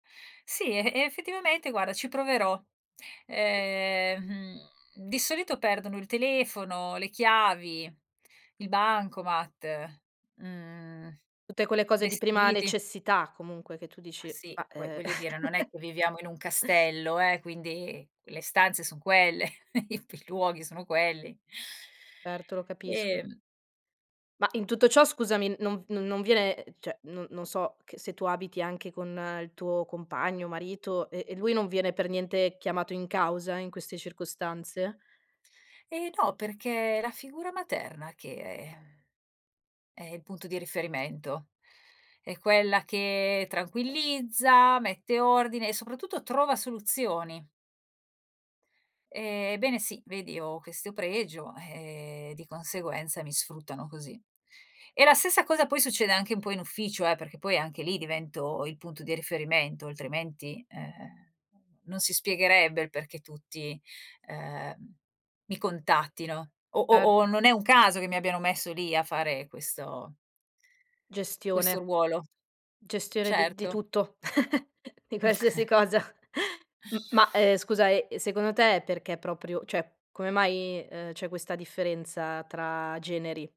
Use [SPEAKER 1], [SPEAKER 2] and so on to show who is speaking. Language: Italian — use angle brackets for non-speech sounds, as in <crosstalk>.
[SPEAKER 1] Sì, e effettivamente guarda ci proverò. Ehm, mhmm, di solito perdono il telefono, le chiavi, il bancomat, mhmm,
[SPEAKER 2] Tutte quelle cose di prima
[SPEAKER 1] vestiti.
[SPEAKER 2] necessità comunque che tu
[SPEAKER 1] Ma
[SPEAKER 2] dici:
[SPEAKER 1] sì,
[SPEAKER 2] "Ma,
[SPEAKER 1] poi
[SPEAKER 2] ehm"
[SPEAKER 1] voglio dire non è
[SPEAKER 2] <chuckles>
[SPEAKER 1] che viviamo in un castello eh, quindi le stanze son quelle, <chuckles> i pi i luoghi sono quelli.
[SPEAKER 2] Certo, lo capisco.
[SPEAKER 1] Ehm
[SPEAKER 2] Ma in tutto ciò scusami, non v non non viene, cioè non non so, che se tu abiti anche con il tuo compagno, marito e e lui non viene per niente chiamato in causa in queste circostanze
[SPEAKER 1] Ehm, no, perché è la figura materna che è, ehm, è il punto di riferimento, è quella che tranquillizza, mette ordine e soprattutto trova soluzioni. Ehm, ebbene sì. Vedi ho questo pregio, ehm, di conseguenza mi sfruttano così. E la stessa cosa poi succede anche un po' in ufficio eh, perché poi anche lì divento il punto di riferimento, altrimenti, ehm, non si spiegherebbe il perché tutti, ehm, mi contattino o o
[SPEAKER 2] ert
[SPEAKER 1] o non è un caso che mi abbiano messo lì a fare questo questo
[SPEAKER 2] Gestione.
[SPEAKER 1] ruolo.
[SPEAKER 2] Gestione di di
[SPEAKER 1] Certo.
[SPEAKER 2] tutto, <chuckles> di qualsiasi
[SPEAKER 1] <chuckles>
[SPEAKER 2] cosa. <chuckles> M ma, ehm, scusa, ehm, e secondo te è perché proprio cioè, come mai, ehm, c'è questa differenza tra generi?